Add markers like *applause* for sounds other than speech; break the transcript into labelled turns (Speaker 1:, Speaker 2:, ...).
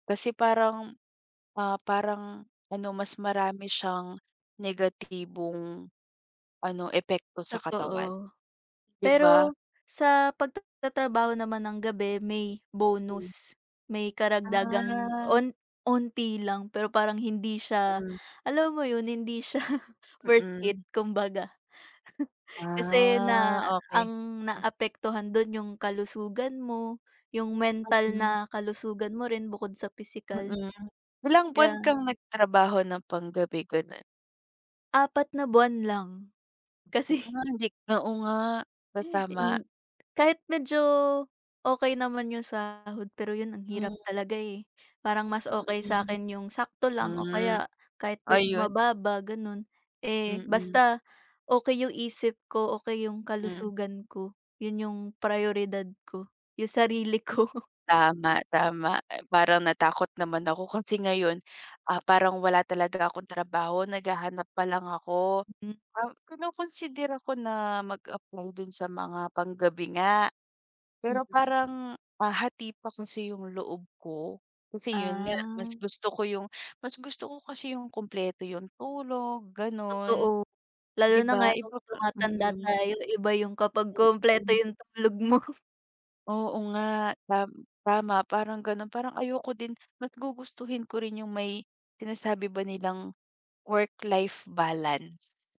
Speaker 1: Kasi parang, ah, parang ano, mas marami siyang negatibong ano, epekto sa katawan,
Speaker 2: Totoo.
Speaker 1: 'di ba?
Speaker 2: Pero sa pagtatrabaho naman ng gabi, may
Speaker 1: Hmm.
Speaker 2: bonus, may karagdagang
Speaker 1: Ah
Speaker 2: on onti lang, pero parang hindi siya
Speaker 1: Mm.
Speaker 2: alam mo 'yon, hindi siya worth it,
Speaker 1: Mm.
Speaker 2: kumbaga. *chuckles* Kasi
Speaker 1: Ah
Speaker 2: na
Speaker 1: okey.
Speaker 2: ang
Speaker 1: M
Speaker 2: naaapektuhan do'n yung kalusugan mo, yung
Speaker 1: At
Speaker 2: mental
Speaker 1: ayun.
Speaker 2: na kalusugan mo rin bukod sa pisikal.
Speaker 1: Mm. Ilang
Speaker 2: Kaya
Speaker 1: buwan kang nagtrabaho ng panggabi, gano'n?
Speaker 2: Apat na buwan lang. Kasi *chuckles*
Speaker 1: Kunwari hindi oo nga, sasama.
Speaker 2: In kahit medyo okey naman yung sahod, pero 'yon, ang
Speaker 1: Hmm.
Speaker 2: hirap talaga, eh. Parang mas okey
Speaker 1: Mm.
Speaker 2: sa'kin yung sakto lang o
Speaker 1: Hmm.
Speaker 2: kaya kahit medyo
Speaker 1: Ayun.
Speaker 2: mababa gano'n. Eh,
Speaker 1: Mm.
Speaker 2: basta okey yung isip ko, okey yung
Speaker 1: Hmm.
Speaker 2: kalusugan ko. 'Yon yung prioridad ko, yung sarili ko. *chuckles*
Speaker 1: Tama, tama. I parang natakot naman ako kasi ngayon, ah, parang wala talaga akong trabaho, naghahanap pa lang ako.
Speaker 2: Mm
Speaker 1: Ah, kinokonsidera ko na mag-apply do'n sa mga panggabi nga, pero
Speaker 2: Mm.
Speaker 1: parang, ah, hati pa kasi yung loob ko, kasi 'yon nga, mas
Speaker 2: Ah.
Speaker 1: gusto ko yung mas gusto ko kasi yung kumpleto, yung tulog gan'on,
Speaker 2: Totoo. Lalo
Speaker 1: 'di
Speaker 2: na
Speaker 1: ba?
Speaker 2: ngayong
Speaker 1: Iba nga
Speaker 2: tumatanda
Speaker 1: mm.
Speaker 2: tayo, iba yung kapag kumpleto
Speaker 1: Mm.
Speaker 2: yung tulog mo.
Speaker 1: Oo nga. Tam tama parang gano'n. Parang ayoko din. Mas gugustuhin ko rin yung may sinasabi ba nilang work-life balance.